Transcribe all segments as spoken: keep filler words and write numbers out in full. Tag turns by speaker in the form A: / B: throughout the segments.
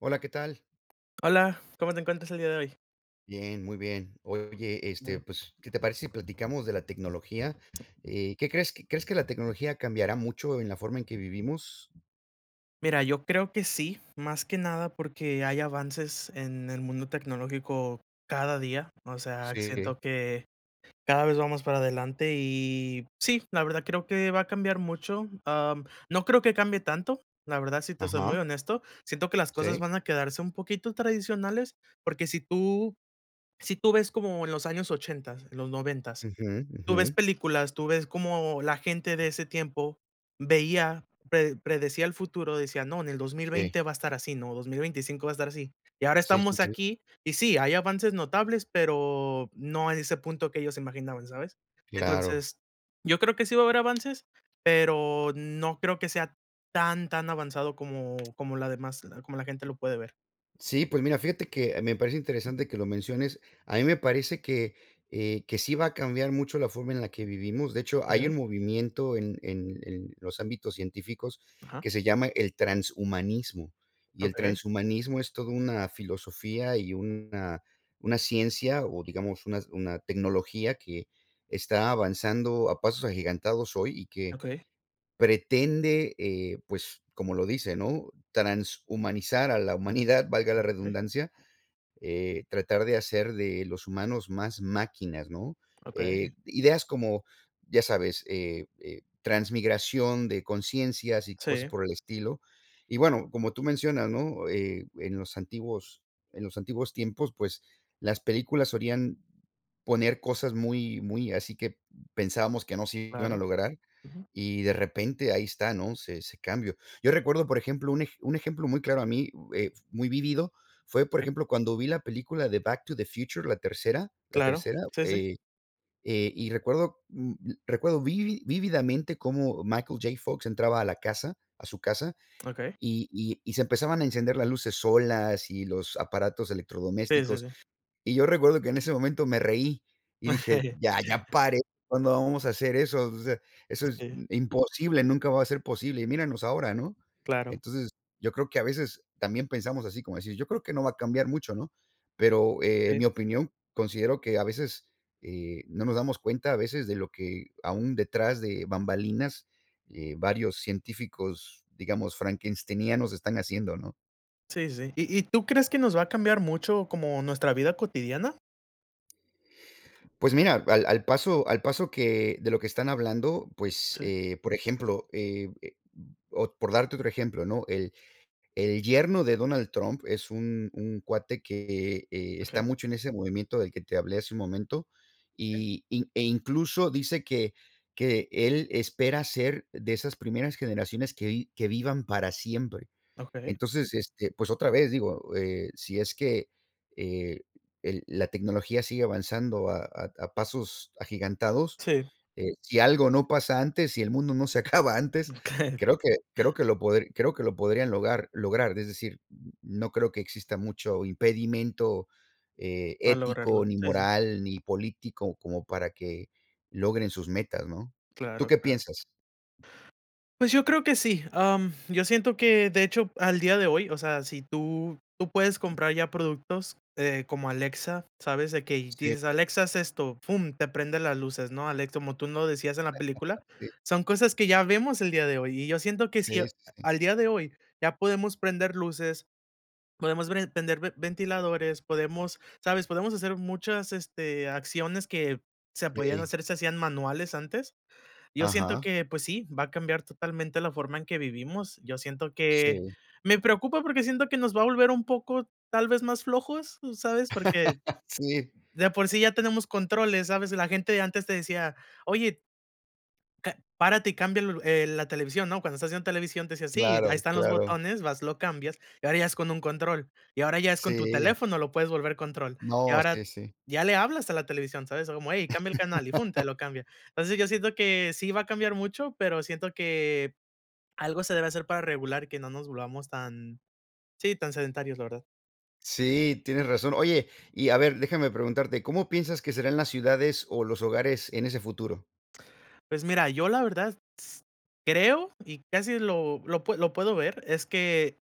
A: Hola, ¿qué tal?
B: Hola, ¿cómo te encuentras el día de hoy?
A: Bien, muy bien. Oye, este,
B: No.
A: pues, ¿qué te parece si platicamos de la tecnología? Eh, ¿qué crees? ¿Crees que la tecnología cambiará mucho en la forma en que vivimos?
B: Mira, yo creo que sí, más que nada porque hay avances en el mundo tecnológico cada día. O sea,
A: Sí.
B: siento que, cada vez vamos para adelante y sí, la verdad creo que va a cambiar mucho. Am, no creo que cambie tanto, la verdad, si te soy
A: Ajá.
B: muy honesto, siento que las cosas
A: Sí.
B: van a quedarse un poquito tradicionales, porque si tú si tú ves como en los años ochentas, los noventas,
A: Ujú,
B: tú ves
A: ujú.
B: películas, tú ves cómo la gente de ese tiempo veía, pre predecía el futuro, decía: "No, en el dos mil
A: Sí.
B: veinte va a estar así, ¿no? Dos mil veinticinco va a estar así". Y ahora
A: Sí, sí,
B: estamos
A: sí.
B: aquí y sí, hay avances notables, pero no en ese punto que ellos se imaginaban, ¿sabes?
A: Claro.
B: Entonces, yo creo que sí va a haber avances, pero no creo que sea tan, tan avanzado como como la demás como la gente lo puede ver.
A: Sí, pues mira, fíjate que me parece interesante que lo menciones. A mí me parece que eh, que sí va a cambiar mucho la forma en la que vivimos. De hecho, hay un
B: Okey.
A: movimiento en en en los ámbitos científicos
B: Ajá.
A: que se llama el transhumanismo. Y el
B: Okey.
A: transhumanismo es todo una filosofía y una una ciencia o digamos una una tecnología que, está avanzando a pasos agigantados hoy y que
B: Okey.
A: pretende, eh, pues, como lo dice, ¿no? Transhumanizar a la humanidad, valga la
B: Okey.
A: redundancia, eh, tratar de hacer de los humanos más máquinas, ¿no?
B: Okey.
A: Eh, ideas como, ya sabes, eh, e transmigración de consciencias y cosas
B: Sí.
A: por el estilo, y bueno como tú mencionas, ¿no? Eh, en los antiguos en los antiguos tiempos pues las películas solían poner cosas muy muy así que pensábamos que no se iban a
B: Claro.
A: lograr
B: Ujú.
A: y de repente ahí está, ¿no? Se ese cambio. Yo recuerdo, por ejemplo, un un ejemplo muy claro a mí, eh, muy vívido, fue, por
B: Okey.
A: ejemplo, cuando vi la película de Back to the Future, la tercera la
B: Claro,
A: tercera,
B: sí, sí.
A: eh, eh, y recuerdo, mm, recuerdo vivi vívidamente cómo Michael J. Fox entraba a la casa a su casa,
B: Okey.
A: y y y se empezaban a encender las luces solas y los aparatos
B: Sí, sí,
A: electrodomésticos.
B: sí.
A: Y yo recuerdo que en ese momento me reí y dije: "Ya, ya paré ¿cuándo vamos a hacer eso? O sea, eso es
B: Sí.
A: imposible, nunca va a ser posible". Y míranos ahora, ¿no?
B: Claro.
A: Entonces yo creo que a veces también pensamos así, como decir: "Yo creo que no va a cambiar mucho, ¿no?". Pero en mi
B: Sí.
A: opinión considero que a veces eh, no nos damos cuenta a veces de lo que, aún detrás de bambalinas eh, varios científicos, digamos, Frankensteinianos están haciendo, ¿no?
B: Sí, sí. ¿Y y tú crees que nos va a cambiar mucho como nuestra vida cotidiana?
A: Pues mira, al al paso al paso que de lo que están hablando, pues
B: Sí.
A: eh, por ejemplo, eh, e o, por darte otro ejemplo, ¿no? El el yerno de Donald Trump es un un cuate que está
B: Okey.
A: mucho en ese movimiento del que te hablé hace un momento.
B: ¿Eh?
A: Y y e incluso dice que, que él espera ser de esas primeras generaciones que vi que vivan para siempre.
B: Okey.
A: Entonces este pues otra vez digo, eh, si es que, eh, el la tecnología sigue avanzando a a a pasos agigantados,
B: Sí.
A: eh, si algo no pasa antes, si el mundo no se acaba antes,
B: Okey.
A: creo que creo que lo podri creo que lo podrían logar lograr, es decir, n no creo que exista mucho impedimento, eh,
B: A lograrlo,
A: ético ni
B: sí, sí.
A: moral ni político como para que logren sus metas, ¿no? ¿Tú
B: Claro,
A: qué
B: claro.
A: piensas?
B: Pues yo creo que sí. Am, yo siento que, de hecho, al día de hoy, o sea, si tú, tú puedes comprar ya productos eh, como Alexa, sabes de que
A: Sí.
B: dices: "Alexa, haz esto". Fum, te prende las luces, ¿no? Alexa, como tú lo decías en la película,
A: Sí.
B: son cosas que ya vemos el día de hoy. Y yo siento que
A: Sí,
B: si a
A: sí, sí.
B: al día de hoy ya podemos prender luces, podemos ver prender ven ventiladores, podemos, ¿sabes? Podemos hacer muchas, este, acciones que se podían
A: Sí.
B: hacer se hacían manuales antes. Yo siento
A: Ajá.
B: que, pues sí, va a cambiar totalmente la forma en que vivimos. Yo siento que
A: Sí.
B: me preocupa porque siento que nos va a volver un poco, tal vez más flojos, ¿tú sabes? Porque,
A: Sí.
B: de por sí ya tenemos controles, ¿sabes? La gente antes te decía: "Oye" "Ca párate y cambia el la televisión, ¿no?". Cuando estás viendo televisión te decía: "Sí, ahí
A: Claro,
B: están los
A: claro.
B: botones". Vas, lo cambias y ahora ya es con un control y ahora ya es con tu
A: Sí.
B: teléfono, lo puedes volver control y
A: No, sí,
B: ahora,
A: sí.
B: ya le hablas a la televisión, ¿sabes? Como: "Hey, cambia el canal". Y fun, te lo cambia. Entonces, yo siento que sí va a cambiar mucho, pero siento que, algo se debe hacer para regular que no nos volvamos tan, sí, tan sedentarios, la verdad.
A: Sí, tienes razón. Oye, y a ver, déjame preguntarte, ¿cómo piensas que serán las ciudades o los hogares en ese futuro?
B: Pues mira, yo la verdad s creo, y casi lo lo pue lo puedo ver, es que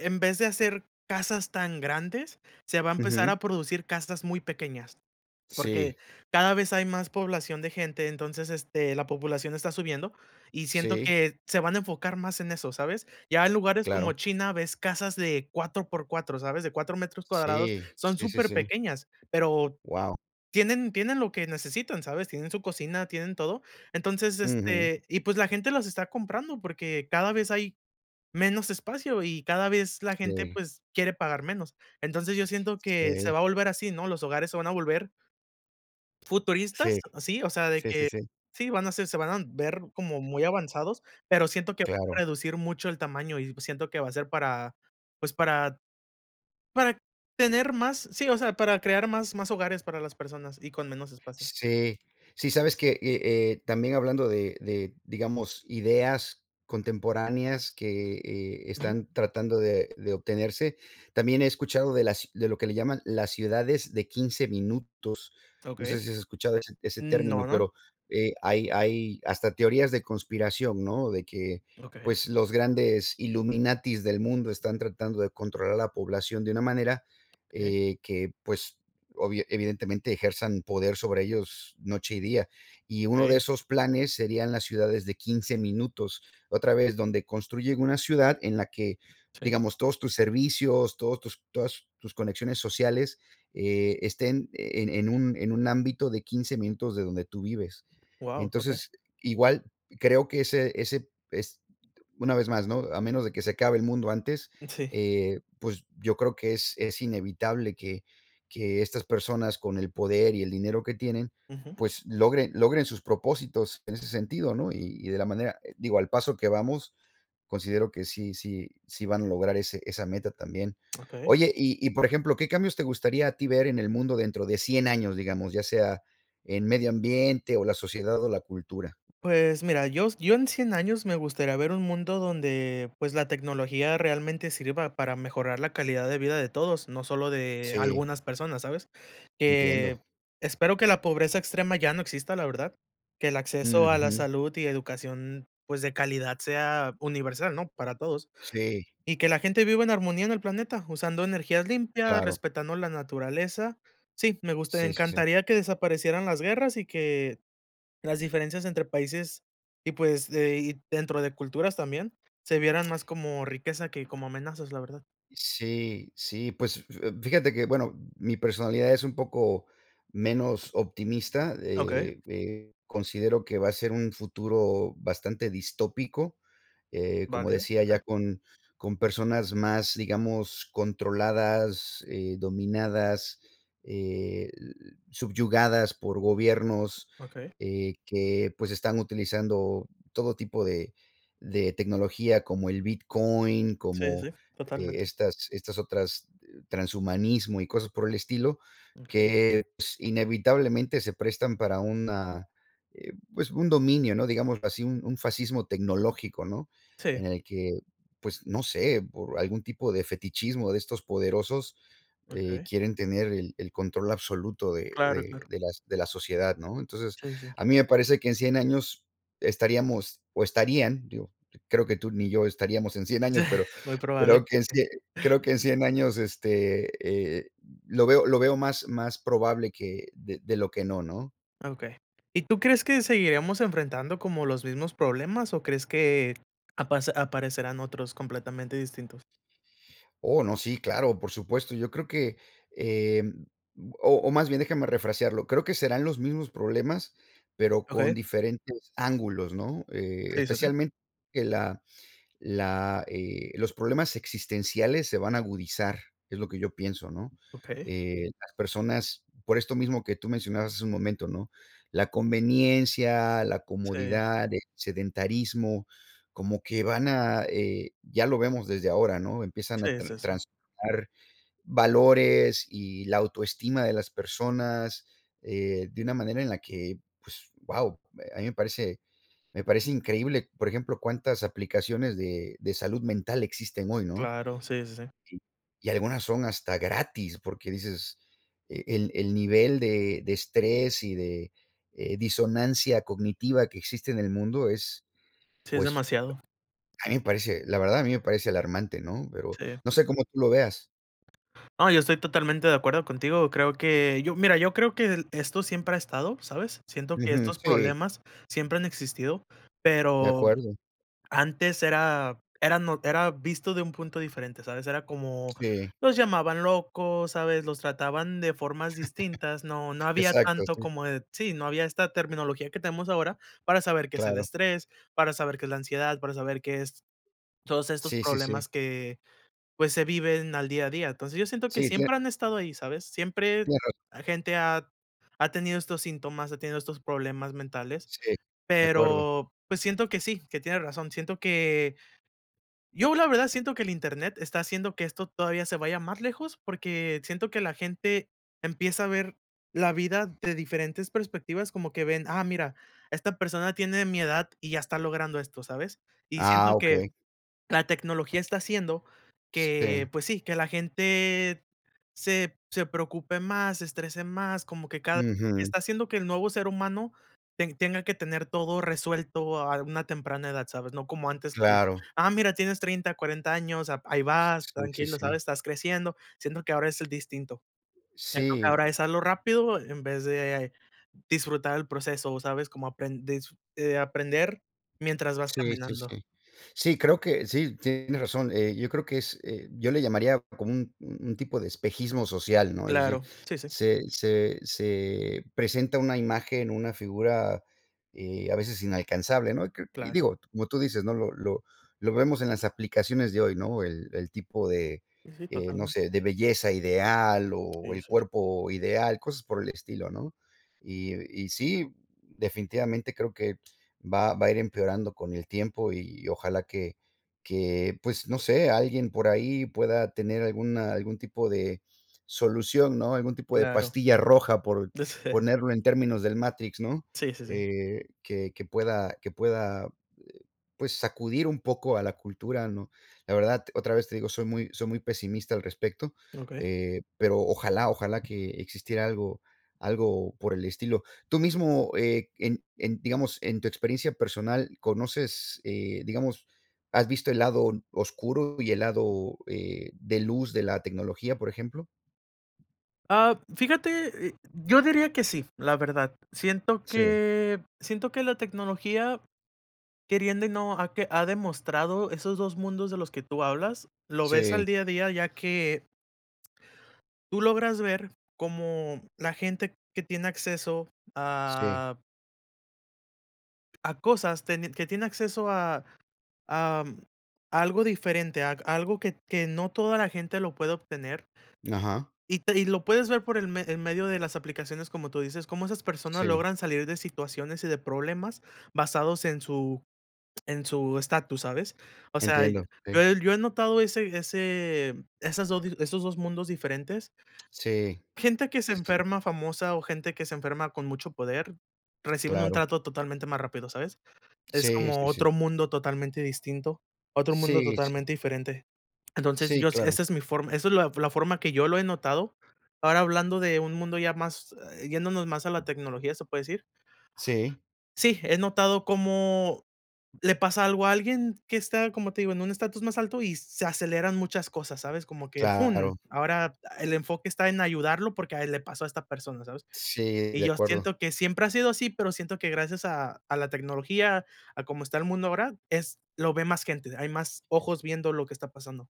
B: en vez de hacer casas tan grandes, se va a empezar
A: Ujú.
B: a producir casas muy pequeñas. Porque
A: Sí.
B: cada vez hay más población de gente, entonces, este, la población está subiendo y siento
A: Sí.
B: que se van a enfocar más en eso, ¿sabes? Ya en lugares
A: Claro.
B: como China ves casas de cuatro por cuatro, ¿sabes? De cuatro metros cuadrados,
A: Sí,
B: son
A: sí, sí, sí.
B: superpequeñas, pero
A: Wao.
B: tienen tienen lo que necesitan, ¿sabes? Tienen su cocina, tienen todo. Entonces,
A: Ujú.
B: este, y pues la gente las está comprando, porque cada vez hay, menos espacio y cada vez la gente,
A: Sí.
B: pues quiere pagar menos. Entonces yo siento que se
A: Sí.
B: va a volver así, ¿no? Los hogares se van a volver
A: Sí.
B: futuristas, sí, o sea, de
A: Sí, sí,
B: que
A: sí.
B: sí, van a ser se van a ver como muy avanzados, pero siento que va a
A: Claro.
B: reducir mucho el tamaño y siento que va a ser para, pues, para para tener más sí, o sea, para crear más más hogares para las personas y con menos espacio.
A: Sí, sí, sabes que y eh, también hablando de de, digamos, ideas contemporáneas que, eh,
B: Ujú.
A: están tratando de de obtenerse. También he escuchado de las de lo que le llaman las ciudades de quince minutos. No sé
B: Okey.
A: si has escuchado ese ese
B: No,
A: término,
B: no.
A: pero, eh, hay hay hasta teorías de conspiración, ¿no? De que,
B: Okey.
A: pues, los grandes illuminatis del mundo están tratando de controlar a la población de una manera,
B: ¿Eh?
A: eh, que, pues, obvia evidentemente, ejerzan poder sobre ellos noche y día. Y uno de
B: Okey.
A: esos planes serían las ciudades de quince minutos, otra vez, donde construyen una ciudad en la que,
B: Sí.
A: digamos, todos tus servicios, todos tus todas tus conexiones sociales, eh, estén en en en un en un ámbito de 15 minutos de donde tú vives.
B: Wao, okey.
A: Entonces, igual creo que ese ese es, una vez más, ¿no? A menos de que se acabe el mundo antes,
B: Mm, sí.
A: eh, pues, yo creo que es es inevitable que, que estas personas con el poder y el dinero que tienen,
B: Ujú.
A: pues logren logren sus propósitos en ese sentido, ¿no? Y y de la manera, digo, al paso que vamos, considero que sí sí sí van a lograr ese esa meta también.
B: Okey.
A: Oye, y y, por ejemplo, ¿qué cambios te gustaría a ti ver en el mundo dentro de cien años, digamos, ¿ya sea en medio ambiente o la sociedad o la cultura?
B: Pues mira, yos yo en cien años me gustaría ver un mundo donde, pues, la tecnología realmente sirva para mejorar la calidad de vida de todos, no solo de
A: Sí.
B: algunas personas, ¿sabes? Eh,
A: Entiendo.
B: espero que la pobreza extrema ya no exista, la verdad. Que el acceso a la
A: Ujú.
B: salud y educación, pues, de calidad sea universal, ¿no? Para todos.
A: Sí.
B: Y que la gente viva en armonía en el planeta, usando energías limpias,
A: Claro.
B: respetando la naturaleza. Sí, me gustaría
A: Sí, sí, sí.
B: encantaría que desaparecieran las guerras y que, las diferencias entre países y pues de y dentro de culturas también se vieran más como riqueza que como amenazas, la verdad.
A: Sí, sí, pues eh, fíjate que, bueno, mi personalidad es un poco menos optimista,
B: Okey.
A: eh, eh, considero que va a ser un futuro bastante distópico, eh, como
B: Válido.
A: decía ya
B: Okey.
A: con con personas más, digamos, controladas, eh, dominadas, el subyugadas por gobiernos,
B: Okey.
A: eh, que, pues, están utilizando todo tipo de de tecnología como el bitcoin,
B: Sí,
A: como,
B: sí,
A: eh,
B: totalmente.
A: estas estas otras transhumanismo y cosas por el estilo,
B: Okey.
A: que, pues, inevitablemente se prestan para una, eh, pues, un dominio, ¿no? Digámoslo así, un, un fascismo tecnológico, ¿no? En
B: Sí.
A: el que, pues no sé, por algún tipo de fetichismo de estos poderosos, eh,
B: Okey.
A: quieren tener el el control absoluto de
B: Claro,
A: de
B: claro.
A: de las de la sociedad ¿no? Entonces,
B: Sí, sí.
A: a mí me parece que en cien años estaríamos o estarían, digo, creo que tú ni yo estaríamos en cien años, pero,
B: Muy probable. [unintelligible]
A: creo que ese creo que en cien años, este, eh, lo veo lo veo más, más probable que, de de lo que no, ¿no?
B: Okey. ¿Y tú crees que seguiremos enfrentando como los mismos problemas o crees que apas aparecerán otros completamente distintos?
A: Oh no, sí, claro, por supuesto, yo creo que, eh, o o más bien déjame refrasearlo, creo que serán los mismos problemas pero con
B: Okey.
A: diferentes ángulos ¿no? Eh,
B: Sí es así.
A: especialmente que la la eh, los problemas existenciales se van a agudizar, es lo que yo pienso ¿no?
B: Okey.
A: Eh, las personas, por esto mismo que tú mencionabas hace un momento ¿no? La conveniencia, la
B: Sí.
A: comodidad, el sedentarismo, como que van a, eh, ya lo vemos desde ahora, ¿no? Empiezan a
B: Sí,
A: tra
B: sí, sí.
A: transformar valores y la autoestima de las personas, eh, de una manera en la que pues wao, eh, a mí me parece me parece increíble por ejemplo cuántas aplicaciones de de salud mental existen hoy, ¿no?
B: Claro, sí, sí, sí.
A: Si, y algunas son hasta gratis porque dices e el el nivel de de estrés y de, eh, disonancia cognitiva que existe en el mundo es,
B: Sí, es
A: pues,
B: demasiado.
A: a mí me parece, la verdad, a mí me parece alarmante, ¿no? Pero
B: Sí.
A: no sé cómo tú lo veas.
B: No, yo estoy totalmente de acuerdo contigo. Creo que yo mira, yo creo, que esto siempre ha estado, ¿sabes? Siento que
A: Ujú,
B: estos
A: sí.
B: problemas siempre han existido,
A: De
B: pero
A: acuerdo.
B: antes era, eran no era visto de un punto diferente, ¿sabes? Era como,
A: Sí.
B: los llamaban locos, ¿sabes? Los trataban de formas distintas. No, no había
A: Exacto,
B: tanto
A: sí.
B: como de sí, no había esta terminología que tenemos ahora para saber qué es el
A: Claro.
B: estrés, para saber qué es la ansiedad, para saber qué es, todos estos
A: Sí, sí, sí.
B: problemas que, pues, se viven al día a día. Entonces, yo siento que
A: Sí, tiene
B: siempre han estado ahí, ¿sabes? Siempre
A: Qué raro.
B: gente ha ha tenido estos síntomas, ha tenido estos problemas mentales,
A: Sí, de acuerdo.
B: pero, pues, siento que sí, que tienes razón, siento que yo, la verdad siento que el Internet está haciendo que esto todavía se vaya más lejos, porque siento que la gente empieza a ver la vida de diferentes perspectivas, como que ven: "Ah mira, esta persona tiene mi edad y ya está logrando esto, ¿sabes?". Y
A: Ah,
B: siento que,
A: okey.
B: la tecnología está haciendo que,
A: Sí.
B: pues sí, que la gente se se preocupe más, se estrese más, como que cada
A: Ujú.
B: está haciendo que el nuevo ser humano te tenga que tener todo resuelto a una temprana edad, ¿sabes? No como antes que:
A: Claro.
B: "Ah, mira, tienes treinta, cuarenta años, a ahí
A: S
B: vas,
A: sí, sí,
B: tranquilo, ¿sabes?
A: sí.
B: Estás creciendo". Siendo que ahora es, eh, distinto. Siento que
A: Sí.
B: ahora es: "Hazlo rápido". En vez de disfrutar el proceso, ¿sabes? Cómo aprendes eh, aprender mientras vas
A: Sí, sí,
B: caminando.
A: sí. Sí, creo que sí, tienes razón. Eh, yo creo que es eh, yo le llamaría como un un tipo de espejismo social, ¿no? Es decir,
B: Claro, sí, sí.
A: se se se presenta una imagen, una figura, eh, a veces inalcanzable, ¿no? Y cre y
B: Claro.
A: digo, como tú dices, ¿no? Lo lo lo vemos en las aplicaciones de hoy, ¿no? El el tipo de,
B: Sí, sí
A: eh, no
B: totalmente.
A: sé, de belleza ideal
B: Sí,
A: o
B: de
A: el
B: hecho.
A: cuerpo ideal, cosas por el estilo, ¿no? Y y sí, definitivamente creo que va va a ir empeorando con el tiempo y ojalá que que, pues, no sé, alguien por ahí pueda tener alguna algún tipo de solución, ¿no? Algún tipo de
B: Claro.
A: pastilla roja por, ponerlo en términos del Matrix, ¿no?
B: Sí, sí, sí.
A: Eh, que que pueda que pueda, eh, pues sacudir un poco a la cultura, ¿no? La verdad otra vez te digo soy muy soy muy pesimista al respecto.
B: Okey.
A: Eh, pero ojalá ojalá que existiera algo, algo por el estilo. Tú mismo eh, en en digamos en tu experiencia personal ¿conoces, eh, digamos, has visto el lado oscuro y el lado, eh, de luz de la tecnología, por ejemplo?
B: Ah, fíjate, eh, yo diría que sí, la verdad. Siento
A: Sí.
B: que siento que la tecnología queriendo y no, ha que ha demostrado esos dos mundos de los que tú hablas, lo ves al
A: Sí.
B: día a día, ya que tú logras ver cómo la gente que tiene acceso
A: Sí.
B: a a cosas, teni que te tiene acceso a am, a algo diferente, ag algo que, que no toda la gente lo puede obtener
A: Ajá.
B: y te y lo puedes ver por el me el medio de las aplicaciones, como tú dices, cómo esas personas
A: Sí.
B: logran salir de situaciones y de problemas basados en su en su estatus, ¿sabes? O sea, y
A: Entiendo,
B: yo
A: okey.
B: he yo he notado ese ese esas esos dos mundos diferentes
A: Sí,
B: gente que se
A: este
B: enferma famosa o gente que se enferma con mucho poder, reciben un
A: Claro.
B: trato totalmente más rápido, ¿sabes? Es
A: Sí,
B: como
A: sí, sí.
B: otro mundo totalmente distinto, otro mundo
A: Sí, sí.
B: totalmente diferente. Entonces,
A: Sí,
B: yo si
A: claro.
B: esa es mi forma esa es la la forma que yo lo he notado. Ahora hablando de un mundo ya más, eh, yéndonos más a la tecnología, se puede decir
A: Sí.
B: sí, he notado como le pasa algo a alguien que está, como te digo, en un estatus más alto y se aceleran muchas cosas, ¿sabes? Como que,
A: Claro.
B: fun, ahora el enfoque está en ayudarlo porque a él le pasó a esta persona, ¿sabes?
A: Sí,
B: Y
A: de
B: yo
A: acuerdo.
B: siento que siempre ha sido así, pero siento que gracias a, a la tecnología, a cómo está el mundo ahora, es lo ve más gente, hay más ojos viendo lo que está pasando.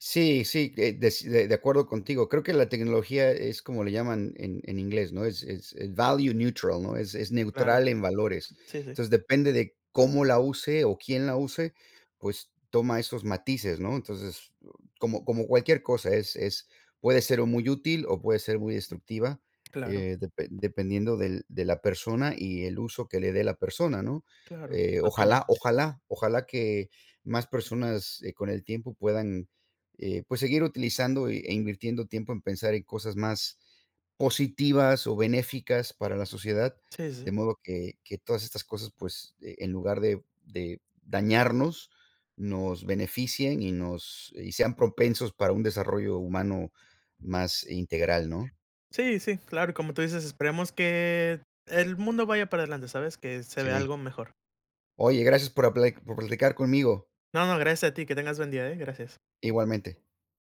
A: Sí, sí, eh, des de, de acuerdo contigo. Creo que la tecnología es como le llaman en en inglés, ¿no? Es value neutral, ¿no? Es es
B: Claro.
A: neutral en valores.
B: Sí, sí.
A: Entonces, depende de cómo la use o quién la use, pues toma esos matices, ¿no? Entonces, eh, como como cualquier cosa, es es puede ser o muy útil o puede ser muy destructiva,
B: Claro.
A: eh, depe dependiendo del de la persona y el uso que le dé la persona, ¿no?
B: Claro,
A: Eh, ojalá,
B: totalmente.
A: ojalá, ojalá que más personas, eh, con el tiempo puedan, eh, pues seguir utilizando y e invirtiendo tiempo en pensar en cosas más, positivas o benéficas para la sociedad
B: Sí, sí,
A: de
B: sí.
A: modo que que todas estas cosas pues, eh, en lugar de de dañarnos nos beneficien y nos y sean propensos para un desarrollo humano más integral, ¿no?
B: Sí, sí, claro como tú dices esperemos que, el mundo vaya para adelante, ¿sabes? Que se vea
A: Sí.
B: algo mejor.
A: Oye, gracias por apla por platicar conmigo.
B: No, no, gracias a ti, que tengas buen día, ¿eh?, gracias.
A: Igualmente.